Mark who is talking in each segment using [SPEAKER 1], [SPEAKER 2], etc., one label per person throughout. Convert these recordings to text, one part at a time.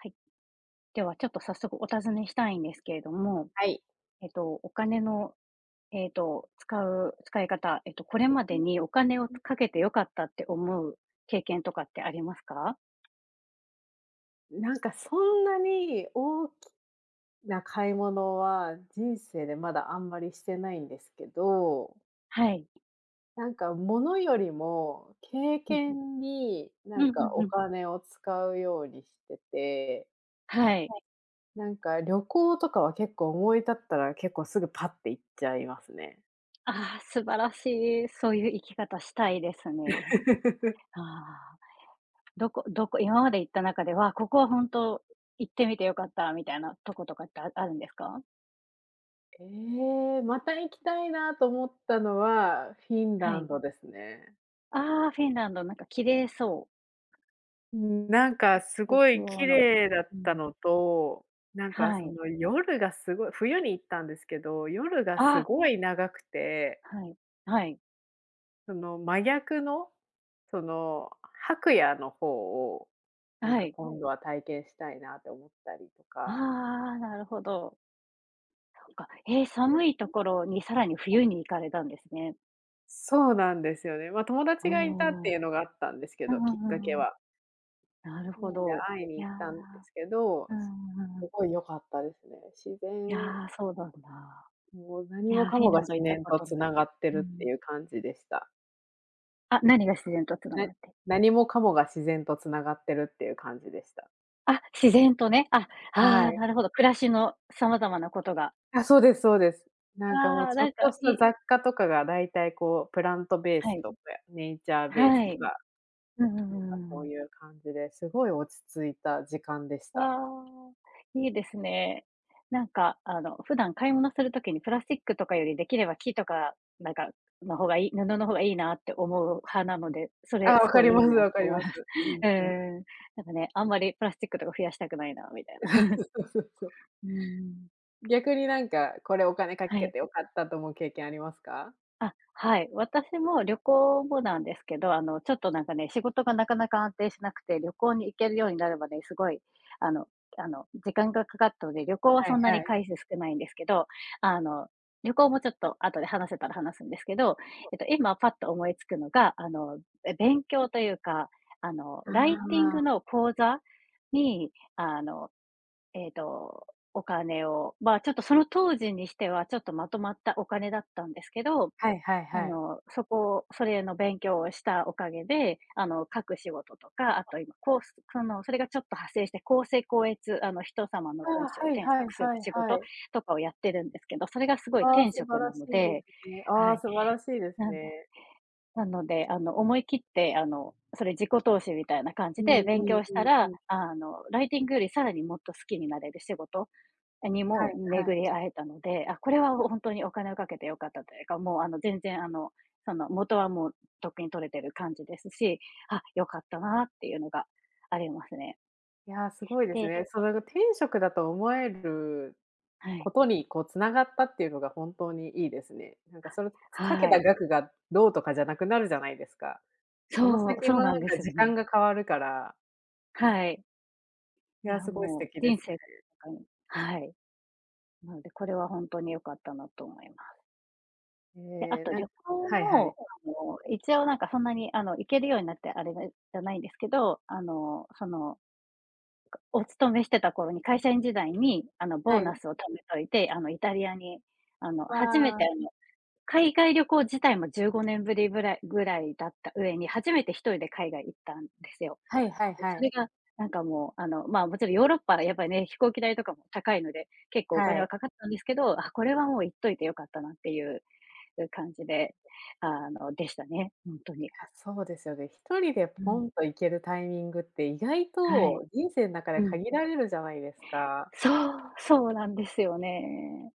[SPEAKER 1] はい。ではちょっと早速お尋ねしたいんですけれども、
[SPEAKER 2] はい。
[SPEAKER 1] えとお金の、ええと使う使い方、えとこれまでにお金をかけてよかったって思う経験とかってありますか？
[SPEAKER 2] なんかそんなに大きな買い物は、人生でまだあんまりしてないんですけど
[SPEAKER 1] はい。
[SPEAKER 2] なんかものよりも、経
[SPEAKER 1] うん。
[SPEAKER 2] 験に、な
[SPEAKER 1] う
[SPEAKER 2] ん
[SPEAKER 1] んう
[SPEAKER 2] か
[SPEAKER 1] ん
[SPEAKER 2] お
[SPEAKER 1] うん。
[SPEAKER 2] 金を使うようにしてて。
[SPEAKER 1] はい。
[SPEAKER 2] はい、なんか旅行とかは結構思い立ったら、結構すぐパッって行っちゃいますね。
[SPEAKER 1] ああ、素晴らしいそういう生き方したいですね。ああ、どこどこ、今まで行った中ではここは本当行ってみてよかったみたいなとことかってああるんですか？
[SPEAKER 2] ええ、また行きたいなと思ったのは、フィン
[SPEAKER 1] は
[SPEAKER 2] ラン
[SPEAKER 1] い。
[SPEAKER 2] ドですね。
[SPEAKER 1] ああ、フィンランドなんか綺麗そう。
[SPEAKER 2] ん、なんか
[SPEAKER 1] あ
[SPEAKER 2] す
[SPEAKER 1] [unintelligible]
[SPEAKER 2] ごい綺
[SPEAKER 1] の、
[SPEAKER 2] 麗だっ
[SPEAKER 1] う
[SPEAKER 2] た
[SPEAKER 1] ん。
[SPEAKER 2] のと、なんか
[SPEAKER 1] は
[SPEAKER 2] そ
[SPEAKER 1] い。
[SPEAKER 2] の夜がすごい、冬に行ったんですけど夜がす
[SPEAKER 1] あ。
[SPEAKER 2] ごい長くて
[SPEAKER 1] はい、はい。
[SPEAKER 2] その真逆の、その白夜の方を、
[SPEAKER 1] あ、
[SPEAKER 2] なん
[SPEAKER 1] は
[SPEAKER 2] か
[SPEAKER 1] い。
[SPEAKER 2] 今度は体験したいなって思ったりと
[SPEAKER 1] ああ
[SPEAKER 2] か。
[SPEAKER 1] ああ、なるほど。そっか、へえ、
[SPEAKER 2] え、
[SPEAKER 1] 寒いとこ
[SPEAKER 2] [unintelligible]
[SPEAKER 1] ろにさらに
[SPEAKER 2] はい。
[SPEAKER 1] 冬に行かれたんですね。
[SPEAKER 2] そうなんですよね、まあ友
[SPEAKER 1] お
[SPEAKER 2] 達がいたって
[SPEAKER 1] お。
[SPEAKER 2] いうのがあったんですけ
[SPEAKER 1] うん
[SPEAKER 2] ど、
[SPEAKER 1] う
[SPEAKER 2] きっ
[SPEAKER 1] んう
[SPEAKER 2] かけ
[SPEAKER 1] んうん。
[SPEAKER 2] は。
[SPEAKER 1] なる
[SPEAKER 2] そう
[SPEAKER 1] ほ
[SPEAKER 2] なんで
[SPEAKER 1] ど、
[SPEAKER 2] 会いに
[SPEAKER 1] い
[SPEAKER 2] 行
[SPEAKER 1] や、
[SPEAKER 2] ったんですけど、
[SPEAKER 1] う
[SPEAKER 2] す
[SPEAKER 1] んうんう
[SPEAKER 2] っ
[SPEAKER 1] ん。
[SPEAKER 2] ごい良かったですね。自
[SPEAKER 1] い
[SPEAKER 2] 然
[SPEAKER 1] や、そうなんだ。
[SPEAKER 2] もう何
[SPEAKER 1] い
[SPEAKER 2] も
[SPEAKER 1] や、
[SPEAKER 2] か
[SPEAKER 1] フィン
[SPEAKER 2] も
[SPEAKER 1] ラ
[SPEAKER 2] が
[SPEAKER 1] ンド行
[SPEAKER 2] 自
[SPEAKER 1] った
[SPEAKER 2] 然
[SPEAKER 1] こ
[SPEAKER 2] と
[SPEAKER 1] とない。
[SPEAKER 2] 繋がって
[SPEAKER 1] うんう
[SPEAKER 2] るってい
[SPEAKER 1] ん。
[SPEAKER 2] う感じでした。
[SPEAKER 1] あ、何が自然と繋
[SPEAKER 2] な
[SPEAKER 1] が
[SPEAKER 2] に
[SPEAKER 1] って。
[SPEAKER 2] 何もかもが自然と繋がってるっていう感じでした。
[SPEAKER 1] あ、自然とね、あ、
[SPEAKER 2] は
[SPEAKER 1] ああ、
[SPEAKER 2] い。
[SPEAKER 1] なるほど、暮らしの様々なことが。
[SPEAKER 2] あ、そうですそうです、なんかもう
[SPEAKER 1] ああ、
[SPEAKER 2] ちょ
[SPEAKER 1] な
[SPEAKER 2] っ
[SPEAKER 1] んか
[SPEAKER 2] とした
[SPEAKER 1] い
[SPEAKER 2] 雑貨とかが大体こうプラントベー
[SPEAKER 1] は
[SPEAKER 2] ス
[SPEAKER 1] い。
[SPEAKER 2] とべ、ネイチャーベース
[SPEAKER 1] はい。
[SPEAKER 2] が、
[SPEAKER 1] うんうんうんう
[SPEAKER 2] なんか
[SPEAKER 1] んう
[SPEAKER 2] そ
[SPEAKER 1] ん
[SPEAKER 2] う
[SPEAKER 1] うん。
[SPEAKER 2] いう感じで、すごい落ち着いた時間でし
[SPEAKER 1] あ
[SPEAKER 2] た。
[SPEAKER 1] あ、いいですね。なんかあの普段買い物する時にプラスチックとかよりできれば木とかなんかの方がい布の方がいいなって思う派なので、そ
[SPEAKER 2] ああ、
[SPEAKER 1] れ
[SPEAKER 2] わ
[SPEAKER 1] す
[SPEAKER 2] か
[SPEAKER 1] ご
[SPEAKER 2] り
[SPEAKER 1] いい
[SPEAKER 2] ま
[SPEAKER 1] い
[SPEAKER 2] す
[SPEAKER 1] なって
[SPEAKER 2] わかり
[SPEAKER 1] 思い
[SPEAKER 2] ます。
[SPEAKER 1] ます。
[SPEAKER 2] うん
[SPEAKER 1] え
[SPEAKER 2] うん。
[SPEAKER 1] え。なんかね、あんまりプラスチックとか増やしたくないなみたいな。
[SPEAKER 2] え、そうそ うそうそうそう、
[SPEAKER 1] うんうん。
[SPEAKER 2] 逆になんかこれお金か
[SPEAKER 1] は
[SPEAKER 2] け
[SPEAKER 1] い。
[SPEAKER 2] てよかったと思う経験ありますか？
[SPEAKER 1] あ、はい、私も旅行後なんですけど、あの、ちょっとなんかね仕事がなかなか安定しなくて、旅行に行けるようになるまで、すごい、あのあの時間がかかったので、旅行は
[SPEAKER 2] はい
[SPEAKER 1] そんな
[SPEAKER 2] は
[SPEAKER 1] に
[SPEAKER 2] い。
[SPEAKER 1] 回数少ないんですけど、あの、旅行もちょっと後で話せたら話すんですけど、
[SPEAKER 2] そう。
[SPEAKER 1] えと今パッと思いつくのがあの、勉
[SPEAKER 2] うん。
[SPEAKER 1] 強というかあの、
[SPEAKER 2] あ
[SPEAKER 1] ライティン
[SPEAKER 2] あ。
[SPEAKER 1] グの講座にあの、ええと、お金を、まあちょっとその当時にしてはちょっとまとまったお金だったんですけど、
[SPEAKER 2] はいはい
[SPEAKER 1] あ
[SPEAKER 2] はい。
[SPEAKER 1] のそこそれの勉強をしたおかげで、あの書く仕事とか、あ
[SPEAKER 2] あ。
[SPEAKER 1] と今コース、かのそれがちょっと派生して、校正校閲、あの人様の
[SPEAKER 2] あ
[SPEAKER 1] 文
[SPEAKER 2] あ、
[SPEAKER 1] 章を
[SPEAKER 2] はい
[SPEAKER 1] 添
[SPEAKER 2] はい
[SPEAKER 1] 削する
[SPEAKER 2] はい
[SPEAKER 1] 仕
[SPEAKER 2] は
[SPEAKER 1] 事
[SPEAKER 2] い。
[SPEAKER 1] とかをやってるんですけど、それがすごい
[SPEAKER 2] ああ、
[SPEAKER 1] 天
[SPEAKER 2] 素晴
[SPEAKER 1] 職な
[SPEAKER 2] らし
[SPEAKER 1] の
[SPEAKER 2] いで
[SPEAKER 1] で、
[SPEAKER 2] すね、
[SPEAKER 1] は
[SPEAKER 2] ああ、
[SPEAKER 1] い。
[SPEAKER 2] 素晴らしいです
[SPEAKER 1] なんだっ
[SPEAKER 2] ね。
[SPEAKER 1] け、なので、あの思い切って、あのそれ自己投資みたいな感じ
[SPEAKER 2] う
[SPEAKER 1] で
[SPEAKER 2] ん
[SPEAKER 1] 勉
[SPEAKER 2] うん
[SPEAKER 1] 強し
[SPEAKER 2] う
[SPEAKER 1] た
[SPEAKER 2] んう
[SPEAKER 1] ら、
[SPEAKER 2] ん。
[SPEAKER 1] あのライティングよりさらにもっと好きになれる仕事に
[SPEAKER 2] はい
[SPEAKER 1] も
[SPEAKER 2] はい。
[SPEAKER 1] 巡り会えたので、あ、これは、ほほんとにお金をかけてよかったというか、もう、あの全然、あのその元はもうとっくに取れてる感じですし、あ、よかったなっていうのがありますね。
[SPEAKER 2] いやすごいです
[SPEAKER 1] で
[SPEAKER 2] ね、それが天職だと思える
[SPEAKER 1] は
[SPEAKER 2] こ
[SPEAKER 1] い。
[SPEAKER 2] とにこう繋がったっていうのが本当にいいですね。なんかその、つかけ
[SPEAKER 1] は
[SPEAKER 2] た
[SPEAKER 1] い。
[SPEAKER 2] 額がどうとかじゃなくなるじゃないですか、その
[SPEAKER 1] そう。
[SPEAKER 2] 先
[SPEAKER 1] そう
[SPEAKER 2] のなん
[SPEAKER 1] なんで
[SPEAKER 2] か
[SPEAKER 1] すよ
[SPEAKER 2] 時
[SPEAKER 1] ね。
[SPEAKER 2] 間が変わるから。
[SPEAKER 1] はい。
[SPEAKER 2] い
[SPEAKER 1] い
[SPEAKER 2] や、
[SPEAKER 1] や
[SPEAKER 2] すごい素
[SPEAKER 1] もう
[SPEAKER 2] 敵で
[SPEAKER 1] 人
[SPEAKER 2] すね。
[SPEAKER 1] 生が、あの、はい。なので、これはほんとに良かったなと思います。
[SPEAKER 2] へ
[SPEAKER 1] で、あ
[SPEAKER 2] え、
[SPEAKER 1] と
[SPEAKER 2] うん、
[SPEAKER 1] 旅行
[SPEAKER 2] はいは
[SPEAKER 1] も
[SPEAKER 2] い。
[SPEAKER 1] あの一応なんかそんなにあの行けるようになってあれがじゃないんですけど、あのその、かお勤めしてた頃に会社員時代に、あのボ
[SPEAKER 2] は
[SPEAKER 1] ーナ
[SPEAKER 2] い。
[SPEAKER 1] スを貯めといて、あのイタリアにあの
[SPEAKER 2] わ
[SPEAKER 1] 初めてあ
[SPEAKER 2] あ。
[SPEAKER 1] の海外旅行自体も15年ぶりぶらいぐらいだった上に、初めて1人で海外行ったんですよ。
[SPEAKER 2] はいはい
[SPEAKER 1] で、
[SPEAKER 2] は
[SPEAKER 1] それ
[SPEAKER 2] い。
[SPEAKER 1] がなんかもうあの、まあ、もちろんヨーロッパはやっぱりね飛行機代とかも高いので、結構お
[SPEAKER 2] は
[SPEAKER 1] 金は
[SPEAKER 2] い。
[SPEAKER 1] かかったんですけど、あ、これはもう行っといてよかったなっていうう感じで、あの、でしたねほんとに。
[SPEAKER 2] いや、そうですよね、1人で
[SPEAKER 1] う
[SPEAKER 2] ポ
[SPEAKER 1] ん。
[SPEAKER 2] ンと行けるタイミングって意外
[SPEAKER 1] はい。
[SPEAKER 2] と人生の中
[SPEAKER 1] う
[SPEAKER 2] で
[SPEAKER 1] ん。
[SPEAKER 2] 限られるじゃないですか。
[SPEAKER 1] そう。そうなんですよね。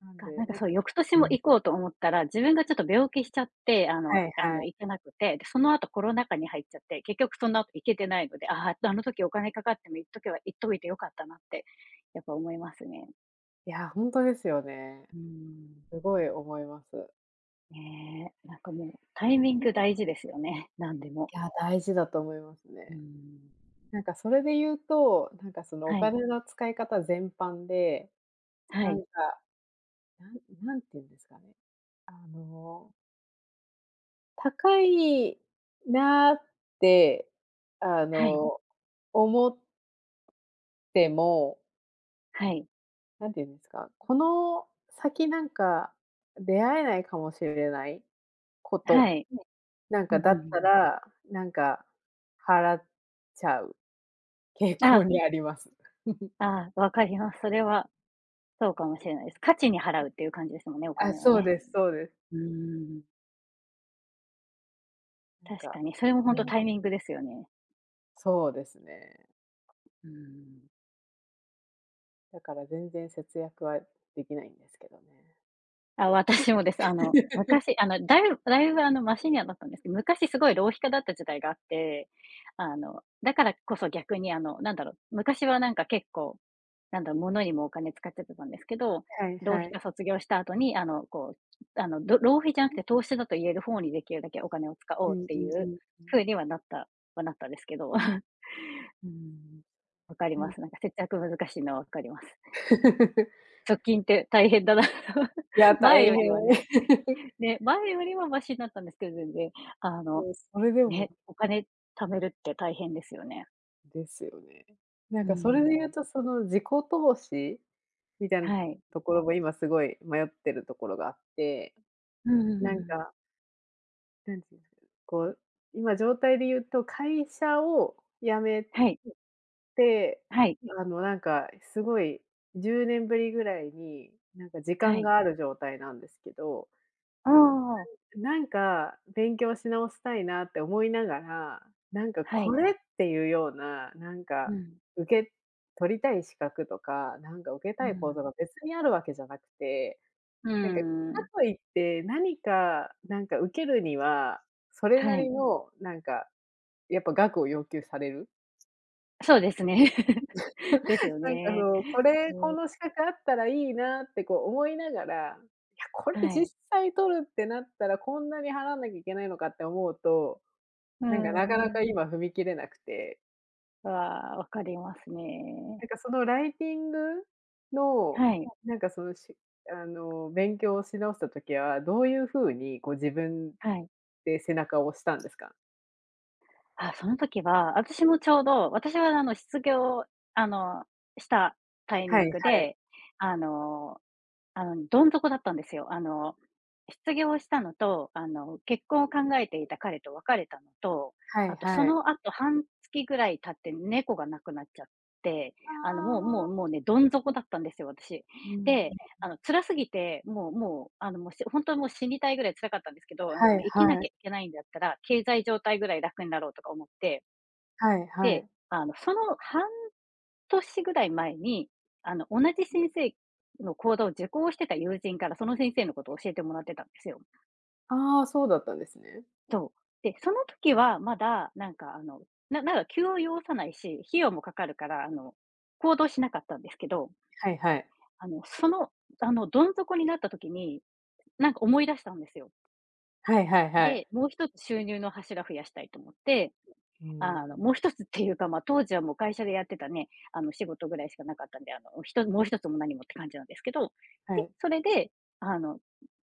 [SPEAKER 2] なん
[SPEAKER 1] かな
[SPEAKER 2] で、
[SPEAKER 1] んか、
[SPEAKER 2] なんか
[SPEAKER 1] そう、翌年
[SPEAKER 2] う
[SPEAKER 1] も
[SPEAKER 2] ん。
[SPEAKER 1] 行こうと思ったら、自分がちょっと病気しちゃって、あ
[SPEAKER 2] は
[SPEAKER 1] の
[SPEAKER 2] い
[SPEAKER 1] いあ
[SPEAKER 2] は
[SPEAKER 1] の、
[SPEAKER 2] い。
[SPEAKER 1] 行けなくて、で、その後、コロナ禍に入っちゃって、結局その後、行けてないので、ああ、あの時お金かかっても、行っとけば行っといてよかったなって、やっぱ思いますね。
[SPEAKER 2] いや、ほんとですよね。
[SPEAKER 1] うん。
[SPEAKER 2] すごい思います。
[SPEAKER 1] ねえ、なんかもうタイミン
[SPEAKER 2] き
[SPEAKER 1] グ
[SPEAKER 2] んに
[SPEAKER 1] 大
[SPEAKER 2] か。
[SPEAKER 1] 事ですよね、なんでも。
[SPEAKER 2] いや、大事だと思います
[SPEAKER 1] う
[SPEAKER 2] ね。
[SPEAKER 1] ん。
[SPEAKER 2] なんかそれで言うと、なんかそのお
[SPEAKER 1] はい。
[SPEAKER 2] 金の使い方全般で、
[SPEAKER 1] は
[SPEAKER 2] なん
[SPEAKER 1] い。
[SPEAKER 2] か、なん何て言うんですかね。あの高いなって、あ
[SPEAKER 1] はい。
[SPEAKER 2] の、思っても
[SPEAKER 1] はい。
[SPEAKER 2] なんていうんですか、この先なんか、出会えないかもしれないこと、
[SPEAKER 1] はい。
[SPEAKER 2] ねえ。なん
[SPEAKER 1] うん
[SPEAKER 2] か
[SPEAKER 1] うん
[SPEAKER 2] だ
[SPEAKER 1] うん
[SPEAKER 2] った
[SPEAKER 1] うん。
[SPEAKER 2] ら、なんか、払っちゃう傾
[SPEAKER 1] あ
[SPEAKER 2] 向
[SPEAKER 1] あ。
[SPEAKER 2] にあります。
[SPEAKER 1] ああ、わかります、それは、そうかもしれないです。価値に
[SPEAKER 2] う
[SPEAKER 1] 払うっていう感じですもんね。お
[SPEAKER 2] ん。あ、
[SPEAKER 1] 金は
[SPEAKER 2] そう
[SPEAKER 1] ね、
[SPEAKER 2] ですそうです。
[SPEAKER 1] うーん。
[SPEAKER 2] ん
[SPEAKER 1] 確か
[SPEAKER 2] か、
[SPEAKER 1] に、それもほんとタイ
[SPEAKER 2] [unintelligible]
[SPEAKER 1] ミングですよね。
[SPEAKER 2] そうですね。
[SPEAKER 1] ううーん。
[SPEAKER 2] だから全然節約はできないんですけどね。
[SPEAKER 1] あ、私もです。あの 昔、あのだいぶだいぶあのマシにはなったんですけど、昔すごい浪費家だった時代があって、あのだからこそ逆にあのなんだろう、昔はなんか結構なんだ、物にもお金使っちゃってたんですけど、
[SPEAKER 2] はい
[SPEAKER 1] 浪
[SPEAKER 2] は
[SPEAKER 1] 費
[SPEAKER 2] い。
[SPEAKER 1] 家卒業した後にあのこうあのろ浪費じゃなくて投資だと言える方にできるだけお金を使
[SPEAKER 2] う
[SPEAKER 1] おう
[SPEAKER 2] ん
[SPEAKER 1] って
[SPEAKER 2] うん
[SPEAKER 1] いう
[SPEAKER 2] うん。
[SPEAKER 1] 風にはなった、はなったんですけど。うーん。わかり
[SPEAKER 2] う
[SPEAKER 1] ま
[SPEAKER 2] ん。
[SPEAKER 1] す、なんか節約難しいのはわかります。貯 金って大変だなと、
[SPEAKER 2] いや
[SPEAKER 1] 前
[SPEAKER 2] 大
[SPEAKER 1] よ
[SPEAKER 2] 変。
[SPEAKER 1] りはね。ね、前よりはマシになったんですけど全然。あ
[SPEAKER 2] い
[SPEAKER 1] の
[SPEAKER 2] や、それでもなん
[SPEAKER 1] ね、
[SPEAKER 2] か。
[SPEAKER 1] お金貯めるって大変ですよね。
[SPEAKER 2] ですよね。なん
[SPEAKER 1] うー
[SPEAKER 2] かそれで言う
[SPEAKER 1] ん。
[SPEAKER 2] とその自己投資、みたいな、
[SPEAKER 1] はい。
[SPEAKER 2] ところも今すごい迷ってるところがあって。
[SPEAKER 1] うー
[SPEAKER 2] なん
[SPEAKER 1] ん。
[SPEAKER 2] かなんていうんですか、こう、今状態で言うと、会社を辞め
[SPEAKER 1] はい。
[SPEAKER 2] て、
[SPEAKER 1] はい。
[SPEAKER 2] あのなんかすごい10年ぶりぐらいに、なんか時
[SPEAKER 1] は
[SPEAKER 2] 間
[SPEAKER 1] い。
[SPEAKER 2] がある状態なんですけど。
[SPEAKER 1] ああ。
[SPEAKER 2] なんなんか、勉強し直したいなって思いながら、なんか
[SPEAKER 1] は
[SPEAKER 2] こ
[SPEAKER 1] い。
[SPEAKER 2] れっていうような、なん
[SPEAKER 1] う
[SPEAKER 2] か、
[SPEAKER 1] ん。
[SPEAKER 2] 受け取りたい資格とか、なんか受け
[SPEAKER 1] う
[SPEAKER 2] た
[SPEAKER 1] ー
[SPEAKER 2] い講座
[SPEAKER 1] ん。
[SPEAKER 2] が別にあるわけじゃなくて、
[SPEAKER 1] うー
[SPEAKER 2] なんか、か
[SPEAKER 1] ん。
[SPEAKER 2] といって、何か、なんか受けるには、それな
[SPEAKER 1] は
[SPEAKER 2] り
[SPEAKER 1] い。
[SPEAKER 2] の、なんか、やっぱ額を要求される。
[SPEAKER 1] そうですね。です よ
[SPEAKER 2] なんかそ
[SPEAKER 1] ね。
[SPEAKER 2] の、これ、こ
[SPEAKER 1] うん。
[SPEAKER 2] の資格あったらいいなってこう思いながら、いや、これ
[SPEAKER 1] は
[SPEAKER 2] 実
[SPEAKER 1] い。
[SPEAKER 2] 際取るってなったらこんなに払わなきゃいけないのかって思うと、
[SPEAKER 1] うー
[SPEAKER 2] なんかなかなか
[SPEAKER 1] ん。
[SPEAKER 2] 今踏み切れなくて。
[SPEAKER 1] わあ、わかります
[SPEAKER 2] な
[SPEAKER 1] ね。
[SPEAKER 2] んかそのライティングの、
[SPEAKER 1] はい。
[SPEAKER 2] なんかその、しあの勉強し直した時はどういう風にこう自分、
[SPEAKER 1] はい。
[SPEAKER 2] で背中を押したんですか？
[SPEAKER 1] あ、その時は私もちょうど私はあの失業、あの、したタイ
[SPEAKER 2] は
[SPEAKER 1] ミ
[SPEAKER 2] い
[SPEAKER 1] ング
[SPEAKER 2] はい。
[SPEAKER 1] であの、あのどん底だったんですよ。あの失業したのとあの結婚を考えて
[SPEAKER 2] は
[SPEAKER 1] い
[SPEAKER 2] い。
[SPEAKER 1] た彼と別れたのと、
[SPEAKER 2] はい
[SPEAKER 1] あとそ
[SPEAKER 2] は
[SPEAKER 1] のあ
[SPEAKER 2] い。
[SPEAKER 1] と半月ぐらい経って猫が亡くなっちゃって、
[SPEAKER 2] あ
[SPEAKER 1] あのもうもうもうねどん底
[SPEAKER 2] あ。
[SPEAKER 1] だったんですよ私。
[SPEAKER 2] う
[SPEAKER 1] で、あの
[SPEAKER 2] ん。
[SPEAKER 1] 辛すぎてもうもうあのしほんとはもう死にたいぐらい辛かったんですけど、なん
[SPEAKER 2] は
[SPEAKER 1] か
[SPEAKER 2] い
[SPEAKER 1] 生きな
[SPEAKER 2] は
[SPEAKER 1] き
[SPEAKER 2] い。
[SPEAKER 1] ゃいけないんだったら経済状態ぐらい楽になろうとか思って。
[SPEAKER 2] はいは
[SPEAKER 1] で、
[SPEAKER 2] い。
[SPEAKER 1] あのその半年ぐらい前に、あの同じ先生の講座を受講してた友人からその先生のことを
[SPEAKER 2] で。
[SPEAKER 1] 教えてもらってたんですよ。
[SPEAKER 2] ああ、そうだったんですね。
[SPEAKER 1] そう、で、その時は、まだ、なんか、あの、ななんか、急を要さないし、費用もかかるから、あの、行動しなかったんですけど。
[SPEAKER 2] はいはい。
[SPEAKER 1] あの、その、あの、どん底になった時に、なんか思い出したんですよ。
[SPEAKER 2] はいはいは
[SPEAKER 1] で、
[SPEAKER 2] い。
[SPEAKER 1] もう1つ収入の柱増やしたいと思って、
[SPEAKER 2] う
[SPEAKER 1] あの
[SPEAKER 2] ん。
[SPEAKER 1] もう1つっていうかまあ当時はもう会社でやってたね、あの仕事ぐらいしかなかったんで、あのひともう1つも何もって感じなんですけど、
[SPEAKER 2] は
[SPEAKER 1] で
[SPEAKER 2] い。
[SPEAKER 1] それであの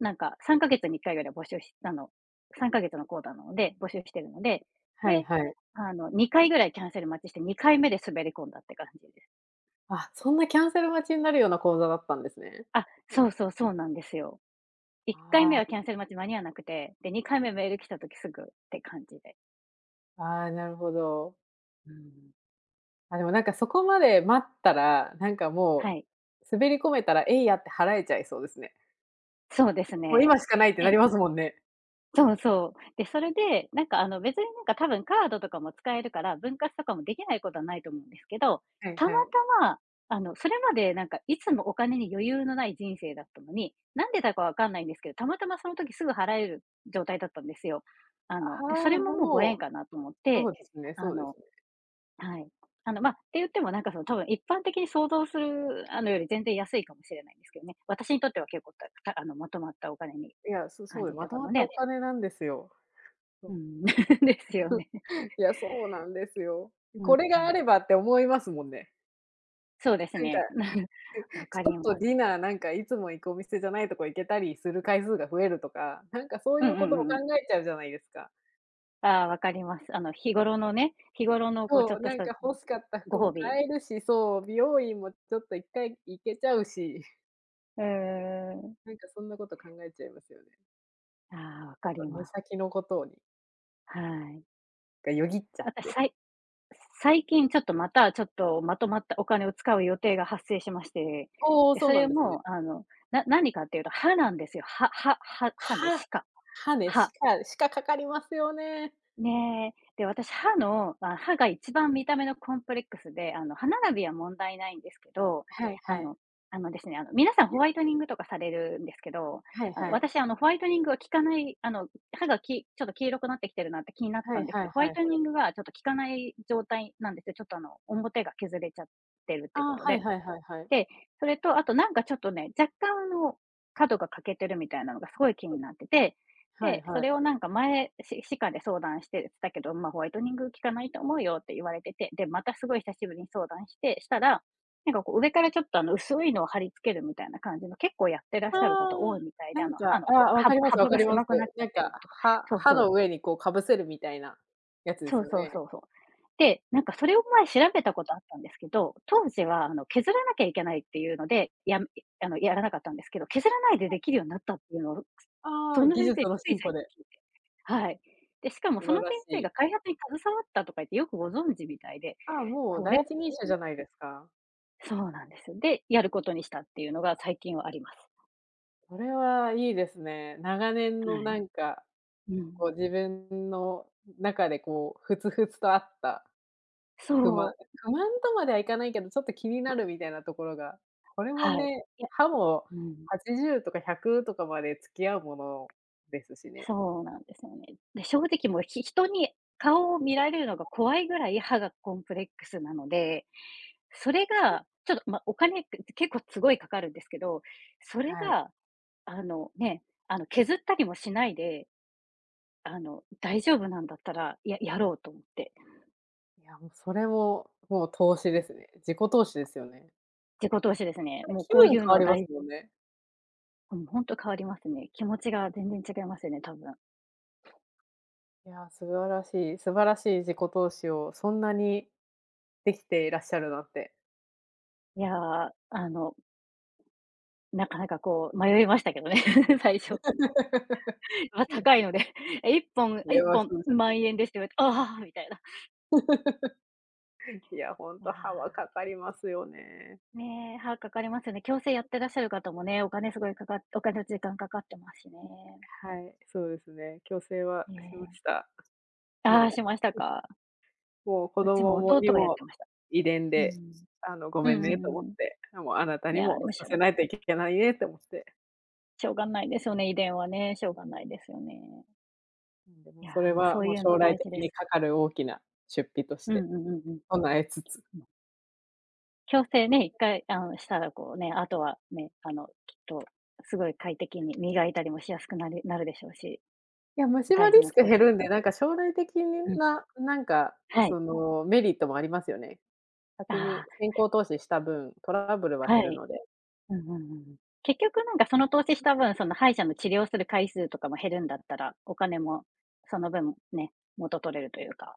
[SPEAKER 1] なんか3ヶ月に1回ぐらいは募集したの、3ヶ月の講座なので募集来てるので、
[SPEAKER 2] はい
[SPEAKER 1] で
[SPEAKER 2] はい。
[SPEAKER 1] あの2回ぐらいキャンセル待ちして2回目で滑り込んだって感じです。
[SPEAKER 2] あ、そんなキャンセル待ちになるような講座だったんですね。
[SPEAKER 1] あ、そうそうそうなんですよ。いっかい
[SPEAKER 2] あ
[SPEAKER 1] め
[SPEAKER 2] あ。
[SPEAKER 1] はキャンセル待ち間に合わなくて、で2回目メール来た時すぐって感じで。
[SPEAKER 2] ああ、なるほど。
[SPEAKER 1] うん。
[SPEAKER 2] あ、でもなんかそこまで待ったら、なんかも
[SPEAKER 1] は
[SPEAKER 2] う、
[SPEAKER 1] い。
[SPEAKER 2] 滑り込めたらえいやって払えちゃいそうですね。
[SPEAKER 1] そうです
[SPEAKER 2] もう
[SPEAKER 1] ね、
[SPEAKER 2] 今しかないってな
[SPEAKER 1] へ
[SPEAKER 2] り
[SPEAKER 1] い。
[SPEAKER 2] ますもんね。
[SPEAKER 1] そうそう、で、それで、なんか、あの、別になんかたぶんカードとかも使えるから、分割とかもできないことはないと思うんですけど、
[SPEAKER 2] はい
[SPEAKER 1] たま
[SPEAKER 2] はい。
[SPEAKER 1] たま、あの、それまでなんか、いつもお金に余裕のない人生だったのに、なんでだか分かんないんですけど、たまたまその時すぐ払える状態だったんですよ。あ
[SPEAKER 2] あ
[SPEAKER 1] の、で、そ
[SPEAKER 2] あ、
[SPEAKER 1] れももうご
[SPEAKER 2] もう、
[SPEAKER 1] 縁かなと思っ
[SPEAKER 2] そ
[SPEAKER 1] て、
[SPEAKER 2] うですね
[SPEAKER 1] あ
[SPEAKER 2] そうです
[SPEAKER 1] の、
[SPEAKER 2] ね。
[SPEAKER 1] はい、あの、ま、て言ってもなんかその多分一般的に想像するあのより全然安いかもしれないんですけどね。私にとっては結構たたあのまとまったお金に
[SPEAKER 2] いや、そ
[SPEAKER 1] 感
[SPEAKER 2] そう、
[SPEAKER 1] じ
[SPEAKER 2] ま
[SPEAKER 1] て
[SPEAKER 2] と
[SPEAKER 1] た
[SPEAKER 2] ま
[SPEAKER 1] の
[SPEAKER 2] ったお
[SPEAKER 1] で。
[SPEAKER 2] 金なんですよ。そ
[SPEAKER 1] う
[SPEAKER 2] う。
[SPEAKER 1] ん。ですよね。
[SPEAKER 2] いやそうなんですよ、
[SPEAKER 1] うん
[SPEAKER 2] これ
[SPEAKER 1] う
[SPEAKER 2] が
[SPEAKER 1] ん。
[SPEAKER 2] あればって思いますもんね。
[SPEAKER 1] そうです
[SPEAKER 2] なんか、
[SPEAKER 1] ね。
[SPEAKER 2] は い。
[SPEAKER 1] わ
[SPEAKER 2] ち
[SPEAKER 1] か
[SPEAKER 2] ょ
[SPEAKER 1] り
[SPEAKER 2] っと
[SPEAKER 1] ます。
[SPEAKER 2] ディナーなんかいつも行くお店じゃないとこ行けたりする回数が増えるとか、なんかそう
[SPEAKER 1] う
[SPEAKER 2] い
[SPEAKER 1] んう
[SPEAKER 2] うこ
[SPEAKER 1] ん
[SPEAKER 2] と
[SPEAKER 1] う
[SPEAKER 2] を
[SPEAKER 1] んう
[SPEAKER 2] 考
[SPEAKER 1] ん。
[SPEAKER 2] えちゃうじゃないですか。
[SPEAKER 1] ああ、わかります。あの日頃のね、日頃のこうちょ
[SPEAKER 2] そう、
[SPEAKER 1] っと
[SPEAKER 2] な
[SPEAKER 1] し
[SPEAKER 2] ん
[SPEAKER 1] た
[SPEAKER 2] か欲しかった服
[SPEAKER 1] ご褒
[SPEAKER 2] も
[SPEAKER 1] 美。
[SPEAKER 2] 買えるし、そう、美容院もちょっと1回行けちゃうし。
[SPEAKER 1] うんうんうん。
[SPEAKER 2] なんかそんなこと考えちゃいますよね。
[SPEAKER 1] ああ、わ
[SPEAKER 2] な
[SPEAKER 1] か
[SPEAKER 2] んか、
[SPEAKER 1] り
[SPEAKER 2] 目
[SPEAKER 1] ます。
[SPEAKER 2] 先のことに。
[SPEAKER 1] はい。
[SPEAKER 2] が、よぎっちゃっ
[SPEAKER 1] 私
[SPEAKER 2] て。
[SPEAKER 1] さい最近ちょっと、またちょっと、まとまったお金を使う予定が発生しまして。
[SPEAKER 2] おお、
[SPEAKER 1] で、
[SPEAKER 2] そう
[SPEAKER 1] そ
[SPEAKER 2] な
[SPEAKER 1] れ
[SPEAKER 2] んですね。
[SPEAKER 1] も、あの、何かっていうと歯なんで
[SPEAKER 2] [unintelligible]
[SPEAKER 1] すよ。歯歯歯歯ね。
[SPEAKER 2] 歯。
[SPEAKER 1] 歯科。
[SPEAKER 2] 歯ね、歯
[SPEAKER 1] 歯。
[SPEAKER 2] 科歯科かかりますよね。
[SPEAKER 1] ね。で、私、歯の、あ、歯が一番見た目のコ
[SPEAKER 2] [unintelligible]
[SPEAKER 1] ンプレックスで、あの、歯並
[SPEAKER 2] [unintelligible]
[SPEAKER 1] びは問題ないんですけど、
[SPEAKER 2] はい
[SPEAKER 1] あ
[SPEAKER 2] はい。
[SPEAKER 1] の、あのですね、あの、皆さんホ
[SPEAKER 2] [unintelligible]
[SPEAKER 1] ワイトニングとかされるんですけど、
[SPEAKER 2] はい
[SPEAKER 1] あの、
[SPEAKER 2] はい。
[SPEAKER 1] 私、あの、ホワイトニングは効かない、あの、歯がきちょっと黄色くなってきてるなって気になっ
[SPEAKER 2] は
[SPEAKER 1] た
[SPEAKER 2] い
[SPEAKER 1] んですけ
[SPEAKER 2] は
[SPEAKER 1] ど、
[SPEAKER 2] い
[SPEAKER 1] ホワ
[SPEAKER 2] はい
[SPEAKER 1] イ
[SPEAKER 2] は
[SPEAKER 1] トニ
[SPEAKER 2] い。
[SPEAKER 1] ングがちょっと効かない状態なんですよ、ちょっと、あの、表が削れちゃってるって
[SPEAKER 2] あ
[SPEAKER 1] こ
[SPEAKER 2] あ、
[SPEAKER 1] と
[SPEAKER 2] はい
[SPEAKER 1] で。
[SPEAKER 2] はいはいはい。
[SPEAKER 1] で、それと、あと、なんか、ちょっとね、若干、あの、角が欠けてるみたいなのがすごい気
[SPEAKER 2] はい。
[SPEAKER 1] になってて、
[SPEAKER 2] はい
[SPEAKER 1] で、そ
[SPEAKER 2] はい。
[SPEAKER 1] れを、なんか、前、ん、し歯科で相談してたけど、ま、ホワイトニング効かないと思うよって言われてて、で、またすごい久しぶりに相談してしたら、なんか、こう、上からちょっと、あの、薄いのを貼り付けるみたいな感じの、結構やってらっし
[SPEAKER 2] あ
[SPEAKER 1] ゃる
[SPEAKER 2] あ、
[SPEAKER 1] 方多いみたい
[SPEAKER 2] な
[SPEAKER 1] で、あ
[SPEAKER 2] ん
[SPEAKER 1] の、歯
[SPEAKER 2] か、
[SPEAKER 1] の、
[SPEAKER 2] あ、
[SPEAKER 1] うわ
[SPEAKER 2] わ
[SPEAKER 1] は
[SPEAKER 2] かりま
[SPEAKER 1] は
[SPEAKER 2] すわ
[SPEAKER 1] ぶ
[SPEAKER 2] か
[SPEAKER 1] が
[SPEAKER 2] ります。
[SPEAKER 1] 狭くなっちゃ
[SPEAKER 2] な
[SPEAKER 1] っ
[SPEAKER 2] ん
[SPEAKER 1] て
[SPEAKER 2] か、
[SPEAKER 1] るとか。
[SPEAKER 2] 歯
[SPEAKER 1] そう
[SPEAKER 2] 歯
[SPEAKER 1] そう。
[SPEAKER 2] の上に、こう、かぶせるみたいなやつです
[SPEAKER 1] そう
[SPEAKER 2] よ
[SPEAKER 1] そう
[SPEAKER 2] ね。
[SPEAKER 1] そうそう。で、なんか、それを前調
[SPEAKER 2] [unintelligible]
[SPEAKER 1] べたことあったんですけど、当時は、あの、削らなきゃいけないっていうので、やあの、やらなかったんですけど、削らないで
[SPEAKER 2] はい。
[SPEAKER 1] できるようになったっていうのを、
[SPEAKER 2] あ
[SPEAKER 1] そ
[SPEAKER 2] あ、
[SPEAKER 1] の
[SPEAKER 2] 技
[SPEAKER 1] 先生
[SPEAKER 2] 術の
[SPEAKER 1] つい
[SPEAKER 2] 進歩
[SPEAKER 1] 最近
[SPEAKER 2] で。
[SPEAKER 1] 聞いて。はい。で、しかも
[SPEAKER 2] 素
[SPEAKER 1] そ
[SPEAKER 2] 晴
[SPEAKER 1] の先
[SPEAKER 2] らし
[SPEAKER 1] 生
[SPEAKER 2] い。
[SPEAKER 1] が開発に携わったとか言ってよくご存知みたいで、
[SPEAKER 2] ああ、もう
[SPEAKER 1] これ
[SPEAKER 2] 第
[SPEAKER 1] はと
[SPEAKER 2] 一人者じ
[SPEAKER 1] 思
[SPEAKER 2] ゃ
[SPEAKER 1] っ
[SPEAKER 2] ないですか。
[SPEAKER 1] て。そうなんです。で、やることにしたっていうのが最近はあります。
[SPEAKER 2] これはいいですね、長年
[SPEAKER 1] は
[SPEAKER 2] の
[SPEAKER 1] い。
[SPEAKER 2] なんか、
[SPEAKER 1] う
[SPEAKER 2] こ
[SPEAKER 1] ん。
[SPEAKER 2] う自分の中でこう、ふつふつとあった。不満
[SPEAKER 1] そう。
[SPEAKER 2] 不満とまではいかないけど、ちょっと気になるみたいなところが、これも
[SPEAKER 1] はい、
[SPEAKER 2] ね、
[SPEAKER 1] いや、
[SPEAKER 2] 歯も、
[SPEAKER 1] うん。
[SPEAKER 2] 80とか100とかまで付き合うもの、ですしね。
[SPEAKER 1] そうなんですよね。で、正直もう、ひ人に、顔を見られるのが怖いぐらい歯がコンプレックスなので、それ
[SPEAKER 2] はい。
[SPEAKER 1] が、ちょっと、ま、お金って結構すごいかかるんですけど、それ
[SPEAKER 2] はい。
[SPEAKER 1] が、あの、ね、あの、削ったりもしないで、あの大丈夫なんだったらややろうと思って。
[SPEAKER 2] いや、もうそれも、もう投
[SPEAKER 1] う
[SPEAKER 2] 資で
[SPEAKER 1] ん。
[SPEAKER 2] すね、自己投資ですよね。
[SPEAKER 1] 自己投資ですね。
[SPEAKER 2] はい、
[SPEAKER 1] もう
[SPEAKER 2] 気
[SPEAKER 1] こう
[SPEAKER 2] 分
[SPEAKER 1] いう
[SPEAKER 2] 変
[SPEAKER 1] の
[SPEAKER 2] わ
[SPEAKER 1] は
[SPEAKER 2] ります
[SPEAKER 1] 大
[SPEAKER 2] もんね。
[SPEAKER 1] うん。ほんと変わりますね。気持ちが全然違いますよね、多分。
[SPEAKER 2] いやあ、素晴らしい素晴らしい自己投資をそんなに、できていらっしゃるのって。
[SPEAKER 1] いや、あの。なかなかこう迷いましたけどね、最初。まあ高いので、1本
[SPEAKER 2] い
[SPEAKER 1] い
[SPEAKER 2] や
[SPEAKER 1] っ
[SPEAKER 2] な
[SPEAKER 1] ぽん
[SPEAKER 2] そうじゃ
[SPEAKER 1] ン
[SPEAKER 2] ない。
[SPEAKER 1] 万円ですって言われて、ああ、みたいな。
[SPEAKER 2] いや、ほん
[SPEAKER 1] い
[SPEAKER 2] と歯は
[SPEAKER 1] や。
[SPEAKER 2] かかりますよね。
[SPEAKER 1] ねえ、歯、かかりますよね。矯正やってらっしゃる方もね、お金すごいかかっお金と時間かかってますしね。
[SPEAKER 2] はい、そうですね、矯正はしま
[SPEAKER 1] ね。
[SPEAKER 2] した、
[SPEAKER 1] あ
[SPEAKER 2] も
[SPEAKER 1] あ、しました
[SPEAKER 2] う。うん。
[SPEAKER 1] か？
[SPEAKER 2] もうこ
[SPEAKER 1] う
[SPEAKER 2] ど
[SPEAKER 1] ちも
[SPEAKER 2] もも
[SPEAKER 1] 弟
[SPEAKER 2] に
[SPEAKER 1] がやっ
[SPEAKER 2] も
[SPEAKER 1] てました。
[SPEAKER 2] 遺伝
[SPEAKER 1] う
[SPEAKER 2] で、
[SPEAKER 1] ん。
[SPEAKER 2] あの、ご
[SPEAKER 1] う
[SPEAKER 2] め
[SPEAKER 1] ん
[SPEAKER 2] ん
[SPEAKER 1] う
[SPEAKER 2] ねと思
[SPEAKER 1] ん
[SPEAKER 2] っ
[SPEAKER 1] う
[SPEAKER 2] て、もう、あなた
[SPEAKER 1] ん。い
[SPEAKER 2] に
[SPEAKER 1] やあ
[SPEAKER 2] も
[SPEAKER 1] りまし
[SPEAKER 2] さ
[SPEAKER 1] た
[SPEAKER 2] せ
[SPEAKER 1] よ。
[SPEAKER 2] ないといけないねって思って。
[SPEAKER 1] しょうがないですよね、遺伝はね。しょうがないですよね。
[SPEAKER 2] うん、で
[SPEAKER 1] い
[SPEAKER 2] も
[SPEAKER 1] や、
[SPEAKER 2] それ
[SPEAKER 1] もう、そ
[SPEAKER 2] は、
[SPEAKER 1] う
[SPEAKER 2] もう
[SPEAKER 1] いう
[SPEAKER 2] 将
[SPEAKER 1] の
[SPEAKER 2] 来
[SPEAKER 1] 大
[SPEAKER 2] 的
[SPEAKER 1] 事で
[SPEAKER 2] に
[SPEAKER 1] す。
[SPEAKER 2] かかる大きな出費とし
[SPEAKER 1] うん
[SPEAKER 2] て
[SPEAKER 1] うんうんうん
[SPEAKER 2] 備えつつ。
[SPEAKER 1] うん。矯正ね、1回あの、したらこうね、あとはね、あの、きっとすごい快適に磨いたりもしやすくなりなるでしょうし、
[SPEAKER 2] いや、虫歯
[SPEAKER 1] 大事
[SPEAKER 2] リ
[SPEAKER 1] な
[SPEAKER 2] スク
[SPEAKER 1] 投
[SPEAKER 2] 減る
[SPEAKER 1] 資。
[SPEAKER 2] んで、なんか将来的に、
[SPEAKER 1] うん。
[SPEAKER 2] ななんか
[SPEAKER 1] はい。
[SPEAKER 2] そのメリットもありますよね。先
[SPEAKER 1] あ
[SPEAKER 2] に
[SPEAKER 1] あ。
[SPEAKER 2] 先行投資した分、トラブルは
[SPEAKER 1] は
[SPEAKER 2] 減る
[SPEAKER 1] い。
[SPEAKER 2] ので。
[SPEAKER 1] うんうんうんうん。結局なんかその投資した分、その歯医者の治療する回数とかも減るんだったら、お金もその分ね、元取れるというか、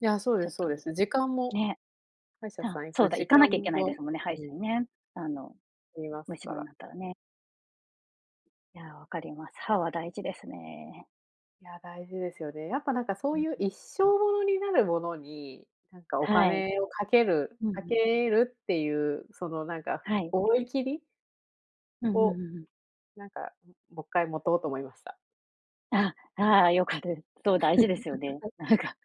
[SPEAKER 2] いや、そう
[SPEAKER 1] ち
[SPEAKER 2] で
[SPEAKER 1] ょっ
[SPEAKER 2] すそう
[SPEAKER 1] と。
[SPEAKER 2] です。時間も
[SPEAKER 1] ね。
[SPEAKER 2] 歯医者
[SPEAKER 1] た
[SPEAKER 2] さ
[SPEAKER 1] あ
[SPEAKER 2] ん行
[SPEAKER 1] そう
[SPEAKER 2] く
[SPEAKER 1] だ、行
[SPEAKER 2] 時
[SPEAKER 1] か
[SPEAKER 2] 間
[SPEAKER 1] なきゃいけないで
[SPEAKER 2] も
[SPEAKER 1] すもんね、歯医
[SPEAKER 2] う
[SPEAKER 1] 者
[SPEAKER 2] ん。
[SPEAKER 1] にね。あの、
[SPEAKER 2] 減ります
[SPEAKER 1] 虫
[SPEAKER 2] か
[SPEAKER 1] 歯に
[SPEAKER 2] ら。
[SPEAKER 1] なったらね。いや、わかります。歯は大事ですね。
[SPEAKER 2] いや、大事ですよね。やっぱ、なんかそ
[SPEAKER 1] う
[SPEAKER 2] う
[SPEAKER 1] ん。
[SPEAKER 2] いう一生ものになるものに、なんかお
[SPEAKER 1] はい。
[SPEAKER 2] 金をかける
[SPEAKER 1] うんう
[SPEAKER 2] か
[SPEAKER 1] ん。
[SPEAKER 2] けるっていう、そのなんか、
[SPEAKER 1] はい。
[SPEAKER 2] 思い切り
[SPEAKER 1] うんうんう
[SPEAKER 2] を、
[SPEAKER 1] んうん。
[SPEAKER 2] なんか、ん、ももっかい持とうと思いました。
[SPEAKER 1] ああああ、よかったです。そう、大事ですよね。なんか、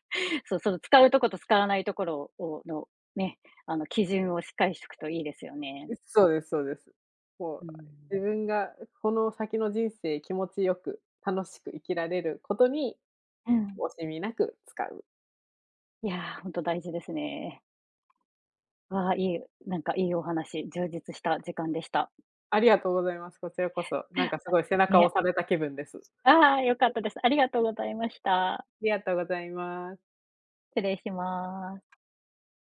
[SPEAKER 1] そその、使うとこと使わないところををのね、あの基準をしっかりしとくといいですよね。
[SPEAKER 2] う、そうですそうです。も
[SPEAKER 1] う
[SPEAKER 2] う、
[SPEAKER 1] ん。
[SPEAKER 2] 自分がこの先の人生気持ちよく、楽しく生きられることに、
[SPEAKER 1] うん。
[SPEAKER 2] 惜しみなく使う。
[SPEAKER 1] いや、ほんと大事ですね。わあ、いい。なんかいいお話。充実した時間でした。
[SPEAKER 2] ありがとうございます。こちらこそ。なんかす
[SPEAKER 1] あ、
[SPEAKER 2] ごい背中を
[SPEAKER 1] ね。
[SPEAKER 2] 押された気分です。う。
[SPEAKER 1] ああ、よかったです。ありがとう
[SPEAKER 2] う。
[SPEAKER 1] ございました。
[SPEAKER 2] ありがとうございます。
[SPEAKER 1] 失礼します。